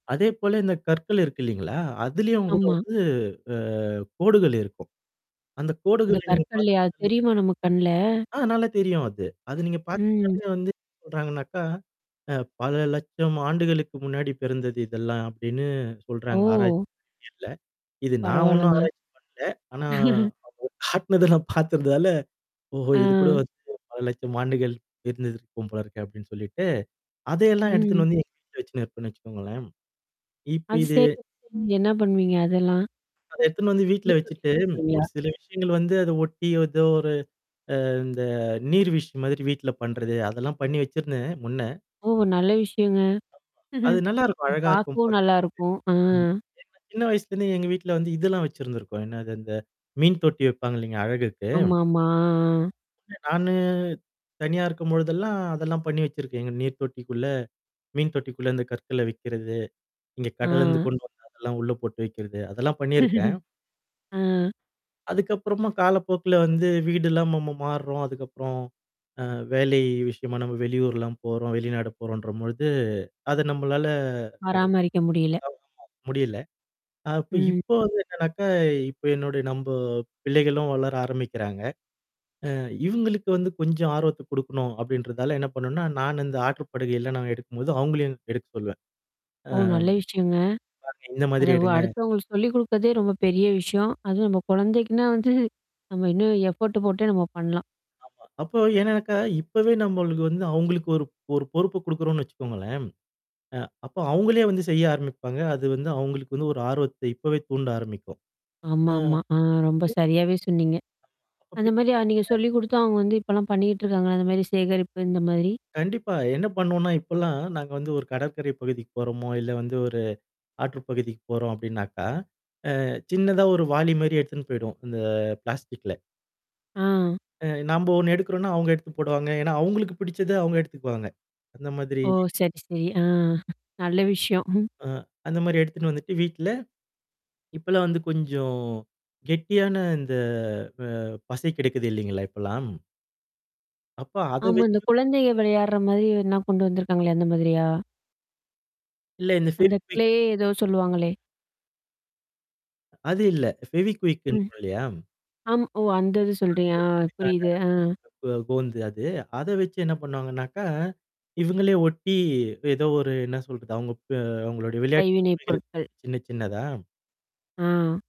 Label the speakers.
Speaker 1: அதேபோல, இந்த கற்கள் இருக்கு இல்லீங்களா? அதுலயும் கூட
Speaker 2: ஆமா.
Speaker 1: வந்து, ஆ கோடுகள் இருக்கும். அந்த
Speaker 2: இந்த
Speaker 1: கோடுகள நீங்க
Speaker 2: கற்கள்ல்லையா? அது
Speaker 1: பாத்தீங்கனாலே
Speaker 2: தெரியுமா, நம்ம கண்ல?
Speaker 1: ஆ! நல்லா தெரியும் அது. அது நீங்க
Speaker 2: ம்.
Speaker 1: பாத்தீங்கனாலே வந்து, சொல்றாங்கனாக்கா, அ பல லட்சம் ஆண்டுகளுக்கு முன்னாடி பிறந்தது இதெல்லாம் அப்படின்னு சொல்றாங்க. ஆராய்ச்சி
Speaker 2: ஓ!
Speaker 1: அறிவியல்ல. இது நான் ஒண்ணும்
Speaker 2: பரவால்லங்க.
Speaker 1: ஆராய்ச்சி பண்ணல. ஆனா, அவங்க காட்டுனதல்லாம் பார்த்துறதால ஓஹோ! இது கூட
Speaker 2: அஹ்.
Speaker 1: வந்து பல லட்சம் ஆண்டுகள் இருந்த இருக்கும் போல இருக்கு அப்டின்னு சொல்லிட்டு. அதெல்லாம்
Speaker 2: ம்.
Speaker 1: எடுத்துட்டு வந்து, எங்க வீட்லே வச்சு இருப்பன்னு வச்சுக்கோங்களேன். இப்ப
Speaker 2: அது
Speaker 1: இது
Speaker 2: செய்யறதுக்கு நீங்க என்ன பண்ணுவீங்க, அதெல்லாம்?
Speaker 1: அத எடுத்துன்னு வந்து வீட்ல
Speaker 2: மீன் தொட்டில
Speaker 1: வச்சுட்டு
Speaker 2: போட்டுருவீங்களா?
Speaker 1: ஒரு சில விஷயங்கள் வந்து அத ஒட்டி ஏதோ ஒரு அ இந்த நீர்வீழ்ச்சி மாதிரி வீட்ல பண்றது. அதெல்லாம் பண்ணி வச்சிருந்தேன் முன்ன.
Speaker 2: ஓ! நல்ல விஷயங்க.
Speaker 1: அது நல்லாருக்கும்.
Speaker 2: ஆ,
Speaker 1: அழகா இருக்கும்
Speaker 2: பாக்கவும்
Speaker 1: பாக்கறதுக்கு.
Speaker 2: நல்லாருக்கும்.
Speaker 1: ம்.
Speaker 2: ஆஹ்.
Speaker 1: ஏன்னா சின்ன வயசுலிருந்துே எங்க வீட்ல வந்து இதெல்லாம் வச்சிருந்திருக்கும். என்னது இந்த மீன் தொட்டி வெப்பாங்க இல்லைங்க? அழகுக்கு.
Speaker 2: ஆமாமா. ஆ, ஆ.
Speaker 1: [unintelligible] நானு. தனியா இருக்கும்பொழுதெல்லாம் அதெல்லாம் பண்ணி வச்சிருக்கேங்க நீர்த்தொட்டிக்குள்ள. மீன் தொட்டிக்குள்ள இந்த கற்கள வக்கிறது. இங்க கடல இருந்து
Speaker 2: ஆஹ்.
Speaker 1: கொண்டு வந்ததெல்லாம் உள்ள போட்டு வெக்கிறது. அதெல்லாம் பண்ணியிருக்கேன்.
Speaker 2: ஆஹ்.
Speaker 1: அதுக்கப்புறமா காலப்போக்குல வந்து வீடெல்லாம் நம்ம ம மாறுறோம். அதுக்கப்புறம் அ, வேலை விஷயமா நம்ம வெளியூர்லாம் போறோம், வெளிநாடு போறோம்ன்ற பொழுது, அத நம்மளால,
Speaker 2: பராமரிக்க முடியல.
Speaker 1: அ கவனமா முடியல. அப்ப
Speaker 2: ம்.
Speaker 1: இப்போ வந்து என்னனாக்கா இப்ப என்னுடைய நம்ப பிள்ளைகளும் வளர ஆரம்பிக்கிறாங்க. ஆ இவங்களுக்கு வந்து கொஞ்சம் ஆர்வத்த குடுக்கணும் அப்டின்றதால என்ன பண்ணுனா, நானு இந்த ஆற்று படுகையல்ல நான் எடுக்கும்போது அவங்களையும் எடுக்க சொல்வேன். ஆ.
Speaker 2: ஓ! நல்ல விஷயங்க.
Speaker 1: பாருங்க இந்த
Speaker 2: அத
Speaker 1: மாதிரி எடுங்க!
Speaker 2: வ-அடுத்தவங்க சொல்லி குடுக்கதே ரொம்ப பெரிய விஷயம். அதுவும் நம்ம குழந்தைக்குன்னா வந்து நம்ம இன்னும் எஃபோர்ட்டு போட்டே நம்ம பண்ணலாம்.
Speaker 1: ஆமா, அப்போ ஏன்னாக்க இப்பவே நம்மளுக்கு வந்து அவங்களுக்கு ஒரு ஒரு பொறுப்ப குடுக்குறோம்னு வச்சுக்கோங்களேன். அ அப்ப அவங்களே வந்து செய்ய ஆரம்பிப்பாங்க. அது வந்து அவங்களுக்கு வந்து ஒரு ஆர்வத்த இப்பவே தூண்ட ஆரம்பிக்கும். ஆ.
Speaker 2: ஆமாமா. அ ரொம்ப சரியாவே சொன்னீங்க. அந்த மாரி நீங்க சொல்லி குடுத்து, அவங்க வந்து, இப்பலாம் பண்ணிக்கிட்டு இருக்காங்களல்ல, அந்த மாரி சேகரிப்பு இந்த மாதிரி?
Speaker 1: கண்டிப்பா. என்ன பண்ணுவோம்னா, இப்பலாம் நாங்க வந்து ஒரு கடற்கரை பகுதிக்கு போறோமோ, இல்ல வந்து ஒரு ஆற்று பகுதிக்கு போறோம் அப்டின்னாக்கா, அ சின்னதா ஒரு வாளி மாரி எடுத்துன்னு போய்டுவோம். அந்த பிளாஸ்டிக்ல. அ, நம்ப ஒண்ணு எடுக்குறோம்னா, அவுங்க எடுத்து போடுவாங்க. ஏன்னா அவங்களுக்கு பிடிச்சத அவுங்க எடுத்துக்குவாங்க. அந்த மாதிரி
Speaker 2: ஓ! சரி, சரி. ஆ நல்ல விஷயம். ம்.
Speaker 1: ஆ, அந்த மாரி எடுத்துட்டு வந்துட்டு வீட்ல இப்பலாம் வந்து கொஞ்சம் கெட்டியான இந்த, அ பசை கெடைக்குது இல்லைங்களா? இப்பல்லாம். அப்ப அத
Speaker 2: ஆமா. இந்த
Speaker 1: வச்சு
Speaker 2: குழந்தைைக விளையாடற மாரி எதனா கொண்டு வந்தருக்காங்களே! அந்த மாதிரியா?
Speaker 1: இல்ல இந்த
Speaker 2: அந்த க்ளே
Speaker 1: ஃபெவிகுயிக்ன்னு
Speaker 2: ஏதோ சொல்லுவாங்களே?
Speaker 1: அது இல்ல. ஃபெவிகுயிக்ன்றோம்
Speaker 2: ம்.
Speaker 1: சொல்றோம் இல்லையா?
Speaker 2: ஆம் ஓ! அந்த இது
Speaker 1: நான்
Speaker 2: சொல்றீங்களா? ஆ,
Speaker 1: ஓட்டறதுக்கான
Speaker 2: புரியுது. ஆ.
Speaker 1: அந்த கோ கோந்து அது. அத வச்சு என்ன பண்ணுவாங்கனாக்கா, இவுங்களே ஒட்டி, ஏதோ ஒரு என்ன சொல்றது? அவுங்க ப அவங்களுடைய விளையாட்டு
Speaker 2: கைவினைப்
Speaker 1: பொம்மைகள் இருக்கும்
Speaker 2: பொருட்கள்.
Speaker 1: சின்ன சின்னதா.
Speaker 2: ஆ.